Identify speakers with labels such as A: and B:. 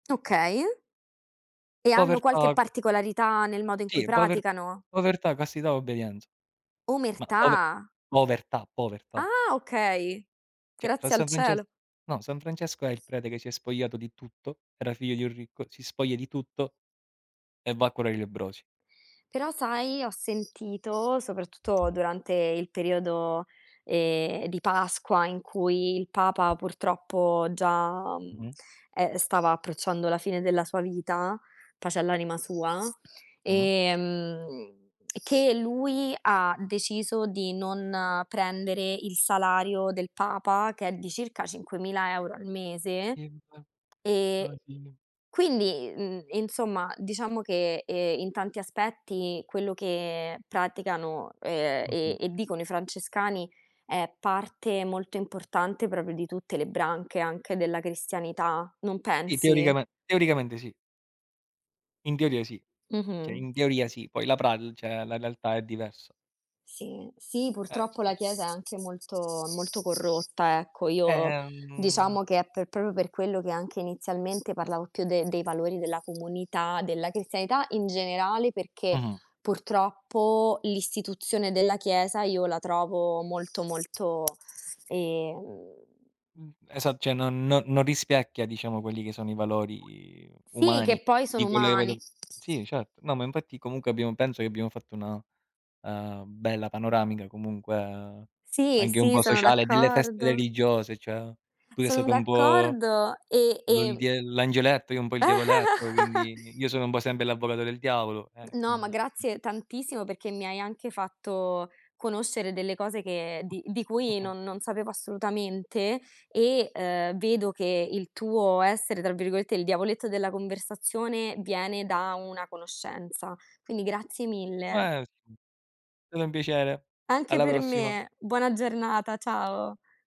A: Okay. E hanno qualche
B: Povertà.
A: particolarità nel modo in cui
B: Sì, pover
A: praticano?
B: povertà, castità, obbedienza. Ma pove
A: Omertà?
B: povertà, povertà.
A: Ah, okay.
B: Cioè, fra
A: Grazie al
B: San Frances
A: cielo.
B: no, San Francesco è il prete che si è spogliato di tutto. Era figlio di un ricco, si spoglia di tutto e va a curare i lebbrosi.
A: Però sai, ho sentito, soprattutto durante il periodo, ehm, di Pasqua, in cui il Papa purtroppo già, mhmm,
B: Mh-mh.
A: e ehm, stava approcciando la fine della sua vita, pace all'anima sua,
B: Mh-mh.
A: ehm, che lui ha deciso di non prendere il salario del Papa, ch'è di circa 5.000 € al mese.
B: Sì, mi par
A: E
B: Brasil
A: quindi, mhmm, insomma, diciamo che, ehm, in tanti aspetti quello che praticano, ehm, e
B: Mh-mh.
A: e dicono i francescani è parte molto importante proprio di tutte le branche, anche della cristianità, non
B: Sì,
A: pensi?
B: teoricame teoricamente sì. In teoria sì. Cioè
A: Mh-mh.
B: in teoria sì, poi la pral cioè, la lealtà è diverso.
A: Sì, sì,
B: Eh,
A: purtroppo la
B: sì.
A: Chiesa è anche molto, molto corrotta, ecco. Io
B: Ehm
A: diciamo che è per proprio per quello che anche inizialmente parlavo più de dei valori della comunità, della cristianità in generale, perché
B: Mh-mh.
A: purtroppo l'istituzione della Chiesa io la trovo molto, molto ehm
B: Mh, esat cioè non no non rispecchia diciamo quelli che sono i valori
A: Sì,
B: umani
A: che poi
B: di
A: sono
B: quelle che vedo
A: umani.
B: sì, certo. No, ma infatti comunque abbiamo penso che abbiamo fatto una, ehm, bella panoramica, comunque
A: Sì,
B: anche un
A: sì,
B: po'
A: sono
B: sociale delle feste
A: d'accordo.
B: religiose; cioè: tu sei
A: Sono
B: stato un po'
A: d'accordo e
B: l'ol
A: ehm
B: diel l'angioletto, io un po' il diavoletto, quindi io sono un po' sempre l'avvocato del diavolo, eh,
A: No, ma
B: quindi
A: grazie tantissimo perché mi hai anche fatto conoscere delle cose che di di cui
B: [unintelligible]
A: non non sapevo assolutamente, e, ehm, vedo che il tuo essere, tra virgolette, "il diavoletto della conversazione", viene da una conoscenza. Quindi grazie mille.
B: [unintelligible] Stato un piacere.
A: Anche
B: Alla
A: per
B: prossima.
A: me. Buona giornata, ciao.